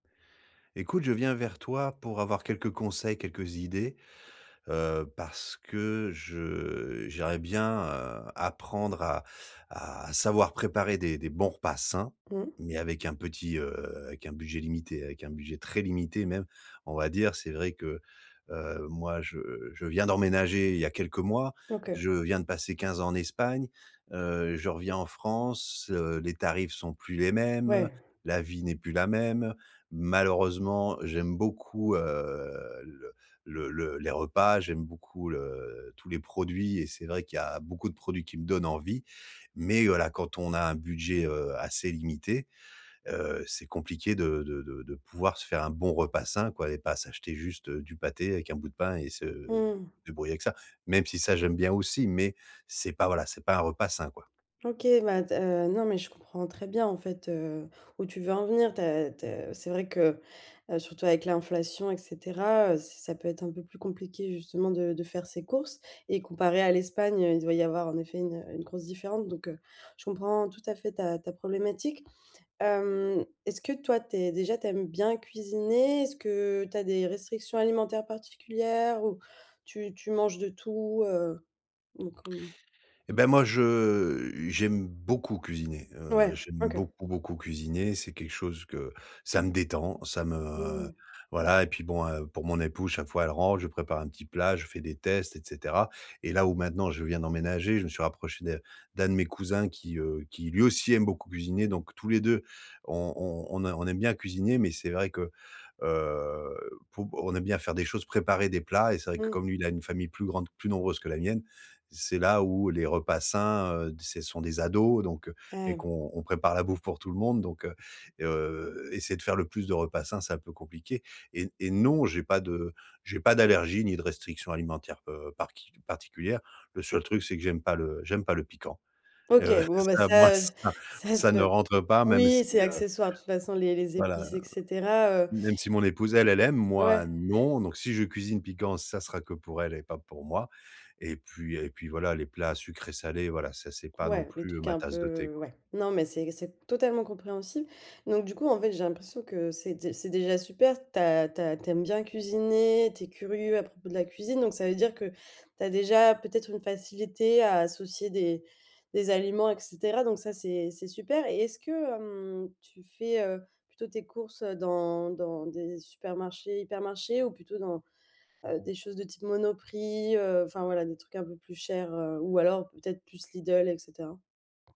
Écoute, je viens vers toi pour avoir quelques conseils, quelques idées, heu, parce que je j'aimerais bien, heu, apprendre à à à savoir préparer des des bons repas sains, Mmh. mais avec un petit, heu, avec un budget limité, avec un budget très limité, même. On va dire, c'est vrai que, heu, moi, je je viens d'emménager il y a quelques mois, OK. je viens de passer 15 ans en Espagne, heu. Je reviens en France, heu, les tarifs sont plus les mêmes, Ouais. la vie n'est plus la même. Malheureusement, j'aime beaucoup, heu, le le le les repas, j'aime beaucoup le tous les produits et c'est vrai qu'il y a beaucoup de produits qui me donnent envie. Mais, voilà, quand on a un budget, heu, assez limité. Heu, c'est compliqué de de de de pouvoir se faire un bon repas sain, quoi. Et pas s'acheter juste du pâté avec un bout de pain et se Mmh mh. débrouiller avec ça. Même si, ça, j'aime bien aussi, mais, c'est pas, voilà, c'est pas un repas sain, quoi. OK, bah, tu as, heu, non mais je comprends très bien, en fait, heu, où tu veux en venir. Tu as tu as c'est vrai que, heu, surtout avec l'inflation et cetera. Heu, c'est ça peut être un peu plus compliqué, justement, de de faire ses courses. Et comparé à l'Espagne, heu, il doit y avoir, en effet, une une grosse différence, donc, heu, je comprends tout à fait, ta ta problématique. Hem, est-ce que toi, tu es déjà tu aimes bien cuisiner? Est-ce que tu as des restrictions alimentaires particulières, ou tu tu manges de tout, heu? Donc, hem Et bah, moi, je j'aime beaucoup cuisiner. Heu, Mouais, j'aime OK. beaucoup, beaucoup cuisiner. C'est quelque chose que ça me détend, ça me Mmh. voilà. Et puis bon, heu, pour mon épouse, chaque fois, elle rentre, je prépare un petit plat, je fais des tests, et cetera. Et là, où maintenant, je viens d'emménager, je me suis rapproché de d'un de mes cousins qui, heu, qui lui aussi, aime beaucoup cuisiner. Donc, tous les 2 on on on a on aime bien cuisiner. Mais c'est vrai que, heu, pour on aime bien faire des choses, préparer des plats. Et c'est vrai, que Mmh. comme lui, il a une famille plus grande, plus nombreuse que la mienne. C'est là où les repas sains, heu, c'est sont des ados donc, heu, Ah et ouais. qu'on on prépare la bouffe pour tout le monde. Donc, heu, heu, essayer de faire le plus de repas sains, c'est un peu compliqué. Et n et non, j'ai pas de j'ai pas d'allergie ni de restriction alimentaire, heu, par qui particulière. Le seul truc, c'est que j'aime pas le j'aime pas le piquant. OK, Heu, bon bah, ça, moi, ça, heu, ça ça, ça c'est pas ne rentre pas, même si, Oui, c'est heu, accessoire de toute façon les les voilà, épices et cetera, heu. même si mon épouse elle, elle aime, moi Ouais. non. Donc, si je cuisine piquant, ça sera que pour elle et pas pour moi. Et puis et puis voilà, les plats sucrés-salés, voilà, ça, c'est pas non Ouais, les plus trucs ma un tasse de thé, peu quoi. ouais. Non, mais c'est c'est totalement compréhensible. Donc, du coup, en fait, j'ai l'impression que c'est dé c'est déjà super, tu as tu as tu aimes bien cuisiner, tu es curieux à propos de la cuisine, donc ça veut dire que, tu as déjà, peut-être une facilité, à associer des des aliments, et cetera. Donc ça, c'est c'est super. Et est-ce que, hem, tu fais, heu, plutôt tes courses dans dans des supermarchés, hypermarchés, ou plutôt dans, heu, des choses de type Monoprix, heu, enfin voilà, des trucs un peu plus chers, heu, ou alors peut-être plus Lidl, et cetera?